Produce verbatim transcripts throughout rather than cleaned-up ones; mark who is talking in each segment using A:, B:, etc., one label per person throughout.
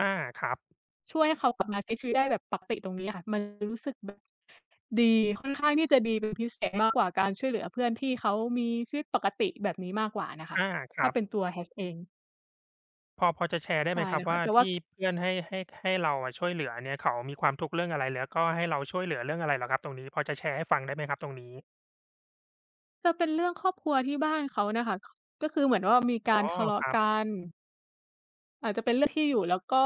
A: อา ครับ
B: ช่วยให้เขากลับมาใช้ชีวิตได้แบบปักติตรงนี้อะค่ะ มันรู้สึกแบบ ดี ค่อนข้างที่จะดีเป็นพิเศษ มากกว่าการช่วยเหลือเพื่อนที่เขามีชีวิตปกติแบบนี้มากกว่าน่ะค่
A: อ
B: ะ
A: า ค
B: ถ
A: ร
B: ้า
A: ับ
B: เป็นตัว Hat เอง
A: พอ พอจะแชร์ได้
B: ใช
A: ไ
B: ่
A: หมค
B: เ
A: ร
B: ล
A: ับ
B: ยค
A: ว
B: ่
A: ่า
B: ะ แต่
A: ท
B: ว
A: ี
B: ่า
A: ่เพื่อนให้ ให้ ให้เราอะช่วยเหลือเนี่ย เขามีความทุกข์เรื่องอะไร แล้วก็ให้เราช่วยเหลือเรื่องอะไรเหรอครับตรงนี้ พอจะแชร์ให้ฟังได้ไหมครับตรงนี้?
B: จะเป็นเรื่องครอบครัวที่บ้านเขาน่ะค่ะ ก็คือเหมือนว่า มีก
A: อ๋
B: า
A: อ
B: รทะเลา
A: ค
B: ะ
A: รั
B: ก
A: บ
B: ัน อาจจะเป็นเรื่องที่อยู่ แล้วก็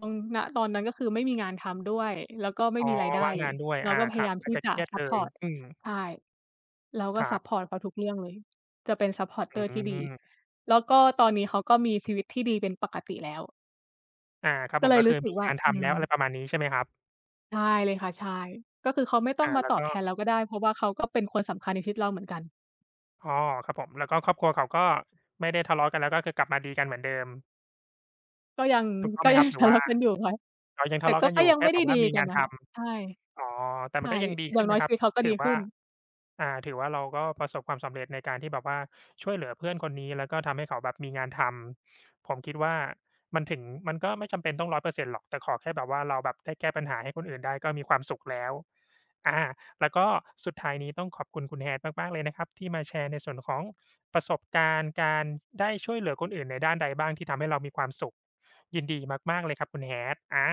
B: ตรง ณ ตอนนั้นก็คือไม่มีงานทำด้วย แล้วก็ไม
A: อ
B: ่
A: ๋อ
B: มีรายได
A: ว
B: ้
A: ่าง
B: เล
A: งา
B: ย
A: นด้วย
B: เรา
A: อ่า
B: ก็พ
A: ค
B: ย
A: รั
B: าย
A: บ
B: าม
A: อ
B: ท
A: าจ
B: ี่
A: จะ
B: จ
A: เ
B: ะ
A: ครียด
B: ซั
A: เล
B: ปพ
A: ย
B: อร์ต
A: อืม
B: ใช่ เราก
A: ค
B: ็
A: ร
B: ซ
A: ั
B: ั
A: บ
B: ปพอร์ตเขาทุกเรื่องเลย จะเป็น
A: อื
B: supporter ที่ดี
A: ม
B: แล้วก็ตอนนี้เขาก็มีชีวิตที่ดีเป็นปกติแล้ว
A: อา ครับ
B: ก
A: ผ
B: ็เ
A: ม
B: ล
A: ก
B: ย
A: ็
B: ร
A: คื
B: ู
A: อ
B: ้สึ
A: ม
B: ก
A: ี
B: ว่า
A: งานท
B: อื
A: ำแล้ว อะไร
B: ม
A: ประมาณนี้ใช่ไหมครับ?
B: ใช่เลยค่ะ ใช่ ก็คือเขาไม่ต้
A: อ
B: อง
A: า
B: มา
A: แล้
B: ต
A: ว
B: อบ
A: ก
B: แทน
A: ็?
B: เราก็ได้ เพราะว่าเขาก็เป็นคนสำคัญในชีวิตเราเหมือนกัน
A: อ๋อ ครับผม แล้วก็ครอบครัวเขาก็ไม่ได้ทะเลาะกันแล้ว ก็คือกลับมาดีกันเหมือนเดิม
B: ก็ยัง
A: ถูกต้อง
B: ก
A: ไ
B: ็
A: หม
B: ย
A: ค
B: ั
A: รั
B: ง
A: บ? หร
B: ท
A: ือ
B: ะ
A: ว
B: เล
A: ่า
B: าะกันอยู่ค่ะ
A: เขายัง
B: แต
A: ท
B: ่
A: ะเลา
B: ก
A: ะ
B: ็
A: กัน
B: ก
A: อ
B: ็
A: ยู่
B: ยัง
A: แค
B: ไ
A: ่
B: ม่
A: แ
B: ไ
A: บ
B: ด้
A: บว่
B: ดี
A: ามี
B: กั
A: ง
B: น
A: าน
B: อะ
A: ท
B: ค่ะ ใช่
A: ำ อ๋อ แต่
B: ใ
A: ม
B: ช
A: ั
B: ่
A: นก็ยังดี
B: อย
A: ข
B: ่
A: ึ
B: า
A: ้
B: ง
A: น
B: น้
A: น
B: อย
A: ะค
B: ช
A: รั
B: ี
A: บ
B: วิตเขาก็
A: ถ
B: ด
A: ื
B: ี
A: อว
B: ข
A: ่
B: ึ
A: า
B: ้น
A: อ่า ถือว่าเราก็ประสบความสำเร็จในการที่แบบว่า ช่วยเหลือเพื่อนคนนี้ แล้วก็ทำให้เขาแบบมีงานทำ ผมคิดว่ามันถึง มันก็ไม่จำเป็นต้อง ร้อยเปอร์เซ็นต์ หรอก แต่ขอแค่แบบว่า เราแบบได้แก้ปัญหาให้คนอื่นได้ก็มีความสุขแล้ว อา แล้วก็สุดท้ายนี้ต้องขอบคุณคุณ Hat มาก ๆ เลยนะครับที่มาแชร์ในส่วนของประสบการณ์ การ ส ได้ช่วยเหลือคนอื่นในด้านใดบ้าง ที่ทำให้เรามีความสุข ยินดีมาก ๆ เลยครับคุณ Hat อา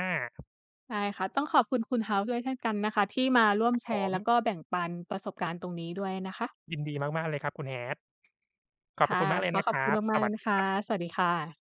B: ได้ค่ะ ต้องขอบคุณคุณ House ด้วยเช่นกันนะคะ ที่มาร่วม
A: ครับ
B: แช
A: ผ
B: ร์แล้
A: ม
B: วก็แบ่งปันประสบการณ์ตรงนี้ด้วยนะคะ
A: ยินดีมาก ๆ เลยครับคุณ Hat ข
B: ค
A: อบพร
B: ่
A: ะ
B: ะ
A: คุณมากเลย
B: ขอ
A: นะ
B: ข
A: ค
B: อบ
A: รั
B: คุณ
A: บ
B: ม
A: ส
B: าก ๆ เล
A: วัส
B: ยน
A: ด
B: ะ
A: ี
B: ค
A: ค
B: ะ
A: รับ
B: สวัสดีค่ะ